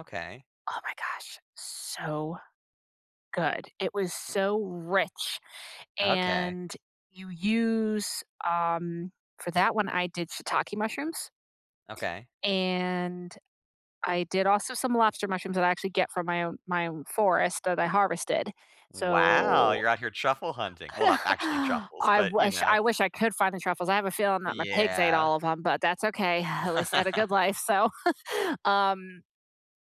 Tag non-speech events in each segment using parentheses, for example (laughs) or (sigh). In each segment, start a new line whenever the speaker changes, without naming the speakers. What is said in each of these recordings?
Okay.
Oh my gosh, so good. It was so rich,
Okay.
and you use um, for that one I did shiitake mushrooms
Okay.
and I did also some lobster mushrooms that I actually get from my own my own forest that I harvested.
Wow.
So
You're out here truffle hunting. Well, not actually
(chuckles)
truffles,
I
but, you
wish
know.
I wish I could find the truffles. I have a feeling that my pigs ate
Yeah.
all of 'em but that's okay, (exhales) at least I had
(laughs)
a good life, so. (chuckles) Um,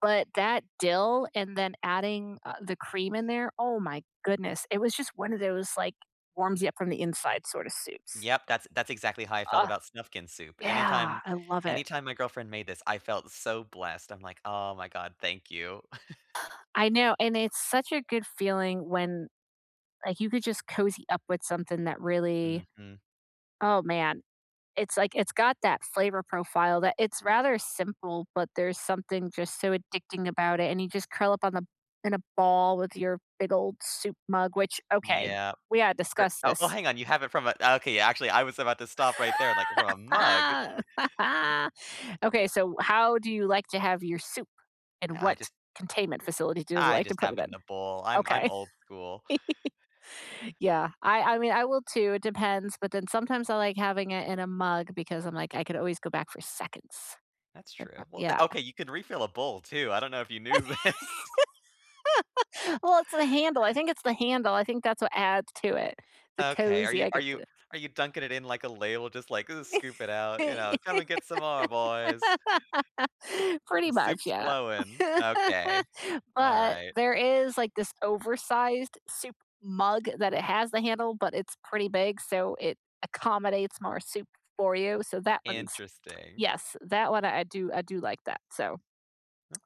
but that dill and then adding, uh, the cream in there, oh my goodness. It was just one of those, like, warms you up from the inside sort of soups.
Yep. That's that's exactly how I felt
Ugh,
about Snufkin soup.
yeah.
Anytime
I love it.
anytime my girlfriend made this, I felt so blessed. I'm like, "Oh my god. Thank you." (chuckles)
(gasps) I know, and it's such a good feeling when, like, you could just cozy up with something that really
Mhm.
oh man. It's like, it's got that flavor profile that it's rather simple, but there's something just so addicting about it and you just curl up on the in a ball with your big old soup mug, which okay,
Yeah.
we gotta
Or
discuss
oh,
this.
hang on. You have it from a okay, actually, I was about to stop right there, like, from a mug?
(laughs)
(chuckles)
Okay, so how do you like to have your soup, and
I
what
just
containment facility do you
I
like to
just
put
have
it
it
in?
in a bowl. I'm I'm
Okay.
old school.
(laughs) Yeah. I I mean, I will too. It depends. But then sometimes I like having it in a mug because I'm like, "I could always go back for seconds."
That's
The
true.
prob
Well,
yeah.
the okay, you could refill a bowl too. I don't know if you knew this.
(laughs) Well, it's the handle. I think it's the handle. I think that's what adds to it. The
Okay. Are
cozy.
you
I
are
get
you
the
are you dunking it in like a ladel just, like, "Ooh, scoop it out?" You
(laughs)
know, "Come and get some more, boys."
Pretty
"The
much,
soup's
yeah.
flowing." Okay.
But
Alright.
there is, like, this oversized soup mug that it has the handle, but it's pretty big so it accommodates more soup for you. So that one's
Interesting.
yes, that one I do I do like that. So,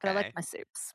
but I like my soups.